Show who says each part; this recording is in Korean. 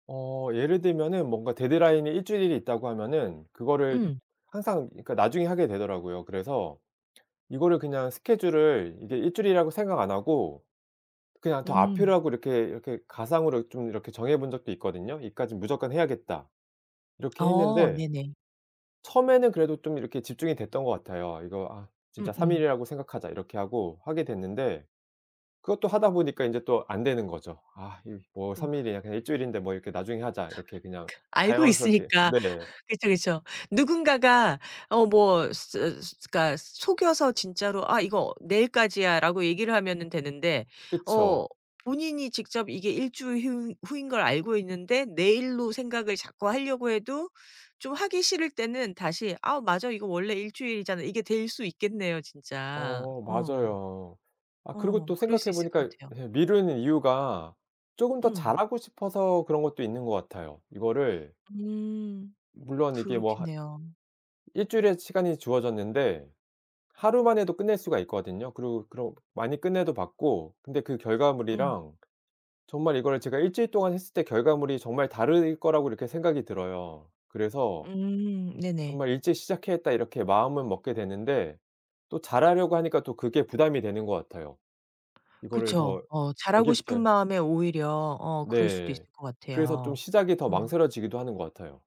Speaker 1: 어 예를 들면은 뭔가 데드라인이 1 주일이 있다고 하면은 그거를
Speaker 2: 음.
Speaker 1: 항상 그러니까 나중에 하게 되더라고요. 그래서 이거를 그냥 스케줄을 이게 1 주일이라고 생각 안 하고 그냥 더
Speaker 2: 음.
Speaker 1: 앞이라고 이렇게, 이렇게 가상으로 좀 이렇게 정해본 적도 있거든요. '여기까지는 무조건 해야겠다.' 이렇게
Speaker 2: 어
Speaker 1: 했는데
Speaker 2: 네네.
Speaker 1: 처음에는 그래도 좀 이렇게 집중이 됐던 것 같아요. '이거 아 진짜 3
Speaker 2: 음음.
Speaker 1: 일이라고 생각하자.' 이렇게 하고 하게 됐는데 그것도 하다 보니까 인제 또 안 되는 거죠. '아 이 뭐
Speaker 2: 음.
Speaker 1: 3 일이야 그냥 1 주일인데 뭐 이렇게 나중에 하자.'
Speaker 2: 아
Speaker 1: 이렇게 그냥
Speaker 2: 그 알고
Speaker 1: 자연스럽게
Speaker 2: 있으니까.
Speaker 1: 네.
Speaker 2: 그쵸, 그쵸. 누군가가 어 뭐 스 스 그러니까 속여서 진짜로 "아 이거 내일까지야."라고 얘기를 하면은 되는데
Speaker 1: 그쵸.
Speaker 2: 어 본인이 직접 이게 1주일 휴 후인 걸 알고 있는데 내일로 생각을 자꾸 하려고 해도 좀 하기 싫을 때는 다시 '아 맞아 이거 원래 1주일이잖아.' 이게 될 수 있겠네요 진짜.
Speaker 1: 어
Speaker 2: 어.
Speaker 1: 맞아요. 아 그리고
Speaker 2: 어
Speaker 1: 또
Speaker 2: 그럴 수
Speaker 1: 생각해
Speaker 2: 있을 것
Speaker 1: 보니까
Speaker 2: 같아요.
Speaker 1: 예 미루는 이유가 쪼금 더
Speaker 2: 음.
Speaker 1: 잘하고 싶어서 그런 것도 있는 것 같아요. 이거를
Speaker 2: 음
Speaker 1: 물론 이게 뭐 한
Speaker 2: 그렇겠네요.
Speaker 1: 1 주일에 시간이 주어졌는데 하루만 해도 끝낼 수가 있거든요. 그리고 그럼 많이 끝내도 봤고 근데 그
Speaker 2: 음.
Speaker 1: 결과물이랑 정말 이거를 제가 1 주일 동안 했을 때 결과물이 정말 다를 거라고 이렇게 생각이 들어요. 그래서
Speaker 2: 음 네네.
Speaker 1: 정말 '일찍 시작해야겠다.' 이렇게 마음을 먹게 되는데 또 잘하려고 하니까 또 그게 부담이 되는 것 같아요. 이거를
Speaker 2: 그쵸.
Speaker 1: 더
Speaker 2: 어 잘하고 싶은
Speaker 1: 여기부터요.
Speaker 2: 마음에 오히려 어 그럴 수도 있을
Speaker 1: 네.
Speaker 2: 것
Speaker 1: 그래서 좀
Speaker 2: 같아요.
Speaker 1: 시작이 더
Speaker 2: 어.
Speaker 1: 망설여지기도 하는 것 같아요.